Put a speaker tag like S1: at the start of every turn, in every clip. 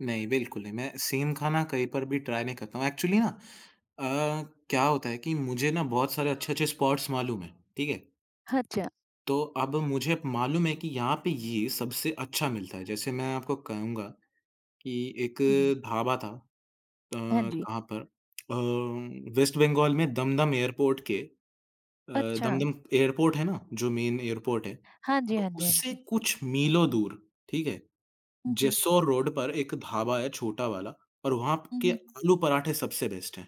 S1: नहीं, बिल्कुल नहीं, मैं सेम खाना कहीं पर भी ट्राई नहीं करता हूँ, एक्चुअली ना अ, क्या होता है कि मुझे ना बहुत सारे अच्छे-अच्छे स्पॉट्स मालूम हैं। ठीक है?
S2: हाँ, च्छा
S1: तो अब मुझे मालूम है कि यहाँ पे ये सबसे अच्छा मिलता है, जैसे मैं आपको कहूँगा, कि 1
S2: हुँ, हुँ।
S1: ढाबा था अ,
S2: हाँ जी।
S1: कहाँ पर? अ, वेस्ट बंगाल में दमदम एयरपोर्ट के अ,
S2: अच्छा।
S1: दमदम एयरपोर्ट है ना? जो मेन एयरपोर्ट है,
S2: हाँ जी,
S1: तो
S2: हाँ जी, हाँ
S1: उससे
S2: जी।
S1: कुछ मीलों दूर, ठीक है?
S2: हुँ, हुँ।
S1: जेसौर रोड पर 1 ढाबा है, छोटा वाला और वहाँ प
S2: हुँ,
S1: के
S2: हुँ।
S1: आलू पराठे सबसे बेस्ट हैं।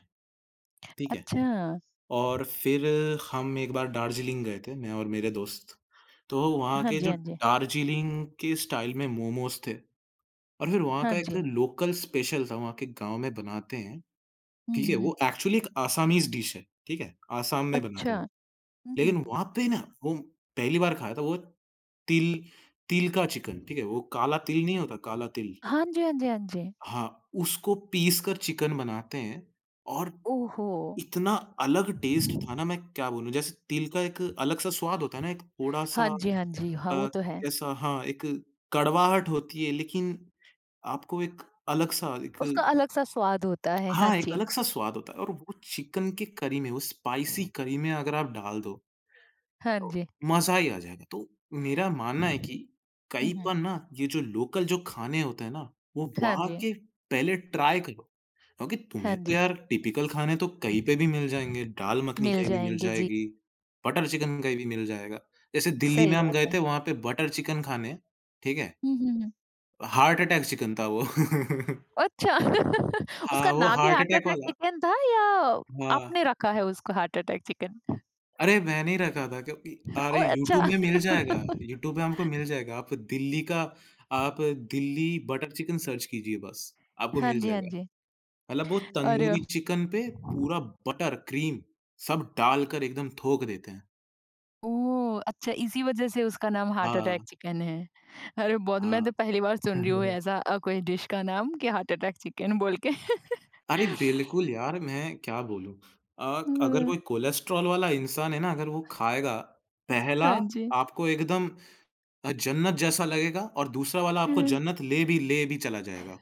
S1: ठीक है?
S2: अच्छा।
S1: और फिर हम 1 बार दार्जिलिंग गए थे, मैं और मेरे दोस्त, तो वहाँ
S2: हाँ
S1: के
S2: जी,
S1: जो
S2: हाँ जी।
S1: दार्जिलिंग के स्टाइल में मोमोज़ थे। और फिर वहाँ
S2: हाँ
S1: का एक
S2: जी।
S1: लोकल स्पेशल था, वहाँ के गाँव में बनाते हैं,
S2: हुँ,
S1: ठीक है?
S2: हुँ, हुँ।
S1: वो एक्चुअली एक असामीज़ डिश है, ठीक है? आसाम में बनाते
S2: अच्छा।
S1: हैं वो।
S2: हुँ, हुँ,
S1: लेकिन
S2: हुँ।
S1: वहाँ पे ना वो पहली बार खाया था, वो तिल तिल का चिकन, ठीक है? वो काला तिल नहीं होता, काला तिल?
S2: हाँ जी, हाँ जी, हाँ जी।
S1: हाँ, उसको पीस कर चिकन बनाते हैं और,
S2: ओह हो!
S1: इतना अलग टेस्ट था ना, मैं क्या बोलूँ? जैसे तिल का एक अलग-सा स्वाद होता है ना, एक
S2: हाँ
S1: थोड़ा-सा
S2: जी, हाँ जी। हाँ, वो
S1: अ,
S2: तो है।
S1: कैसा? हाँ, एक कड़वाहट होती है लेकिन आपको एक अलग-सा
S2: उसका
S1: एक
S2: अलग-सा स्वाद होता है। हाँ
S1: हाँ, एक
S2: जी।
S1: अलग-सा स्वाद होता है और वो चिकन की करी में, वो स्पाइसी करी में अगर आप डाल दो,
S2: हाँ
S1: तो
S2: जी।
S1: मज़ा ही आ जाएगा। तो मेरा मानना है
S2: हुँ,
S1: कि कहीं पर
S2: हुँ।
S1: ना ये जो लोकल जो खाने होते हैं ना, वो
S2: हाँ
S1: वहाँ
S2: जी।
S1: के पहले ट्राई करो। क्योंकि
S2: हाँ
S1: तुम्हें तो
S2: जी।
S1: यार टिपिकल खाने तो कहीं पे भी मिल जाएँगे, दाल मखनी
S2: मिल
S1: कहीं भी मिल
S2: जाएँगे, जी।
S1: जाएगी, बटर चिकन कहीं भी मिल जाएगा। जैसे दिल्ली में
S2: सही
S1: हम
S2: बात
S1: गए
S2: है।
S1: थे वहाँ पे बटर चिकन खाने, ठीक है?
S2: हुँ, हुँ, हुँ।
S1: हार्ट अटैक चिकन था वो।
S2: अच्छा। उसका
S1: हाँ, वो
S2: नाम ही
S1: हार्ट
S2: हार्ट
S1: अटैक
S2: अटैक
S1: वाला।
S2: चिकन था या
S1: हाँ।
S2: आपने रखा है उसको हार्ट अटैक चिकन?
S1: अरे, मैं नहीं रखा था क्योंकि अरे
S2: ओह
S1: यूट्यूब
S2: अच्छा!
S1: में मिल जाएगा, यूट्यूब में हमको मिल जाएगा। आप दिल्ली का, आप दिल्ली बटर चिकन सर्च कीजिए बस, आपको
S2: हाँ
S1: मिल
S2: जी, हाँ
S1: जाएगा।
S2: जी।
S1: मतलब वो
S2: अरे!
S1: तंदूरी चिकन पे
S2: अ
S1: पूरा बटर, क्रीम सब डालकर एकदम थोक देते हैं।
S2: ओह! अच्छा, इसी वजह से उसका नाम हार्ट अटैक
S1: हाँ।
S2: चिकन है। अरे, बहुत मैं
S1: हाँ।
S2: तो पहली बार सुन रही हूँ ऐसा अ, कोई डिश का नाम कि हार्ट अटैक चिकन बोल के।
S1: अरे, बिल्कुल यार मैं क्या बोलूँ? अ, क अगर
S2: हुँ।
S1: कोई कोलेस्ट्रोल वाला इंसान है ना अगर वो खाएगा, पहला
S2: हाँ जी।
S1: आपको एकदम अ, जन्नत जैसा लगेगा और दूसरा वाला आपको
S2: हुँ।
S1: जन्नत ले भी ले भी चला जाएगा।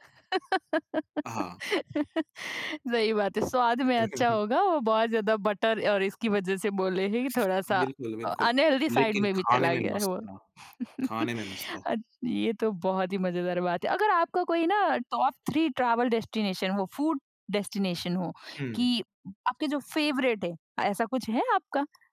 S1: हाँ।
S2: सही बात है, स्वाद में अच्छा होगा वो बहुत ज़्यादा बटर और इसकी वज़ह से बोले हैं, कि थोड़ा-सा
S1: बिल्कुल,
S2: अ,
S1: बिल्कुल।
S2: अनहेल्दी साइड
S1: लेकिन
S2: में भी
S1: खाने
S2: चला
S1: में
S2: गया है
S1: मस्त
S2: वो।
S1: था खाने में मस्त था।
S2: अ, ये तो बहुत ही मज़ेदार बात है। अगर आपका कोई ना टॉप 3 ट्रैवल डेस्टिनेशन हो, फूड डेस्टिनेशन हो,
S1: हुँ।
S2: कि आपके जो फेवरेट है ऐसा कुछ है आपका?